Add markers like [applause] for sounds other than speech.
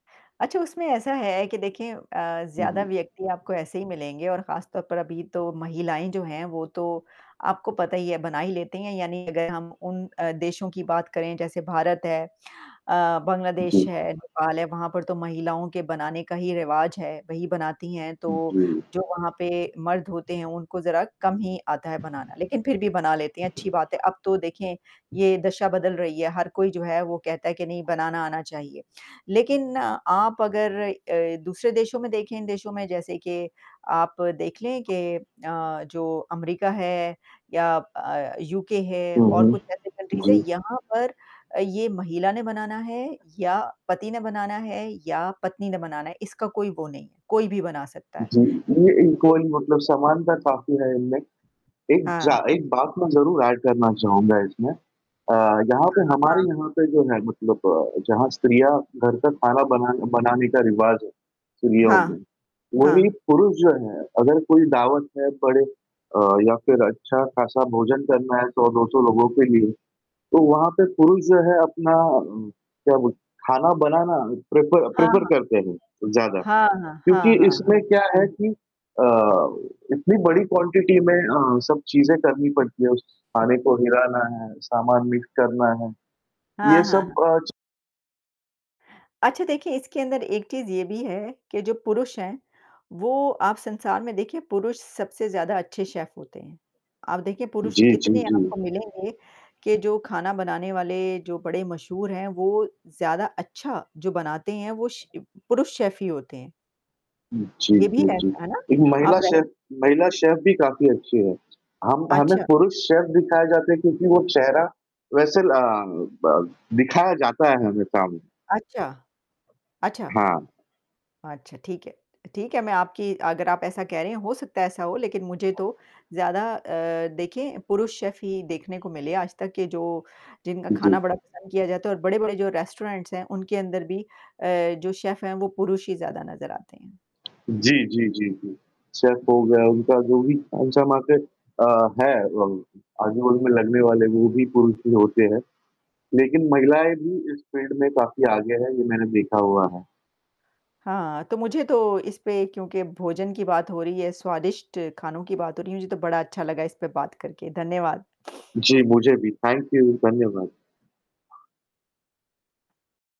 अच्छा, उसमें ऐसा है के देखें अ, हुँ, ज़्यादा जी। व्यक्ति आपको ऐसे ही मिलेंगे और खास तौर पर अभी तो महिलाएँ जो हैं, वो तो आपको पता ही है बना ही लेती हैं यानी अगर हम उन अ, देशों की बात करें, जैसे भारत है अ, बांग्लादेश जी। है, नेपाल है वहाँ पर तो महिलाओं के बनाने का ही रिवाज़ है, वही बनाती हैं। हुँ, तो जी। जो वहाँ पे मर्द होते हैं उनको ज़रा कम ही आता है बनाना लेकिन फिर भी बना लेते हैं, अच्छी बात है। अब तो देखें, ये दशा बदल रही है, हर कोई जो है वो कहता है कि नहीं बनाना आना चाहिए। लेकिन आप अगर अ, दूसरे देशों में देखें इन देशों में जैसे के, आप देख लें कि अ, जो अमेरिका है या अ, यूके है हाँ और जी। कुछ ऐसे कंट्रीज़ है, जी। यहाँ पर अ, ये महिला ने बनाना है या पति ने बनाना है या पत्नी ने बनाना है, इसका कोई वो नहीं है, कोई भी बना सकता है। जी, ये ये किसी की इक्वली [unintelligible] नहीं मतलब है। समानता काफ़ी है इनमे। एक हाँ। ज़ा एक बात मैं ज़रूर ऐड करना चाहूँगा इसमें अ, यहाँ हाँ, पे हाँ, हमारी हाँ। यहाँ पे जो है मतलब जहाँ स्त्रियाँ घर का खाना बना बनाने का रिवाज़ है, स्त्रियों हाँ। में। वही हाँ। पुरुष जो हैं, अगर कोई दावत है पड़े अ, या फिर अच्छा-खासा भोजन करना है 100-200 लोगों के लिए, तो वहाँ पे पुरुष जो है अपना उम, क्या बोल खाना बनाना प्रेफ़र हाँ, प्रेफ़र हाँ। करते हैं ज़्यादा। हाँ, हाँ, क्योंकि हाँ, हाँ, हाँ। इसमें क्या है कि अ, इतनी बड़ी क्वांटिटी में अ, सब चीज़ें करनी पड़ती है उस खाने को हिलाना है, सामान मिक्स करना है। हाँ, ये हाँ, सब हाँ। अ, च अच्छा, देखें इसके अंदर एक चीज़ ये भी है, के जो पुरुष हैं, वो आप संसार में देखिए पुरुष सबसे ज़्यादा अच्छे शेफ़ होते हैं। आप देखिए पुरुष जी, जी, कितने जी। आपको मिलेंगे, के जो खाना बनाने वाले जो बड़े मशहूर हैं, वो ज़्यादा अच्छा जो बनाते हैं वो श इ पुरुष शेफ़ ही होते हैं। हुँ, जी, ये भी जी, है जी, ऐसा, है ना? एक महिला आप रेस शेफ़, महिला शेफ़ भी काफ़ी अच्छी है। हम हमें अच्छा। पुरुष शेफ़ दिखाया जाता है, क्योंकि वो चेहरा वैसे ल ब दिखाया जाता है हमेशा। अच्छा। अच्छा। हाँ। अच्छा, ठीक है। अ, ठीक है मैं आपकी अगर आप ऐसा कह रहे हैं, हो सकता है ऐसा हो लेकिन मुझे तो ज़्यादा अ, देखें पुरुष शेफ़ ही देखने को मिले, आज तक के जो जिनका हाँ खाना जी। बड़ा पसंद किया जाता है और बड़े-बड़े जो रेस्टोरेंट्स हैं उनके अंदर भी अ, जो शेफ़ हैं, वो पुरुष ही ज़्यादा नज़र आते हैं। जी, जी, जी, जी। सेफ़ हो गया, उनका जो भी कौन-सा मार्केट अ, हैं वो, आजू-बाजू में लगने वाले वो भी पुरुष ही होते हैं। लेकिन महिलाएँ भी इस फ़ील्ड में काफ़ी आगे हैं, ये मैंने देखा हुआ है। हाँ, तो मुझे तो इस पे क्योंकि भोजन की बात हो रही है, स्वादिष्ट खानों की बात हो रही है, मुझे तो बड़ा अच्छा लगा इस पे बात करके, धन्यवाद। जी, मुझे भी थैंक यू, धन्यवाद।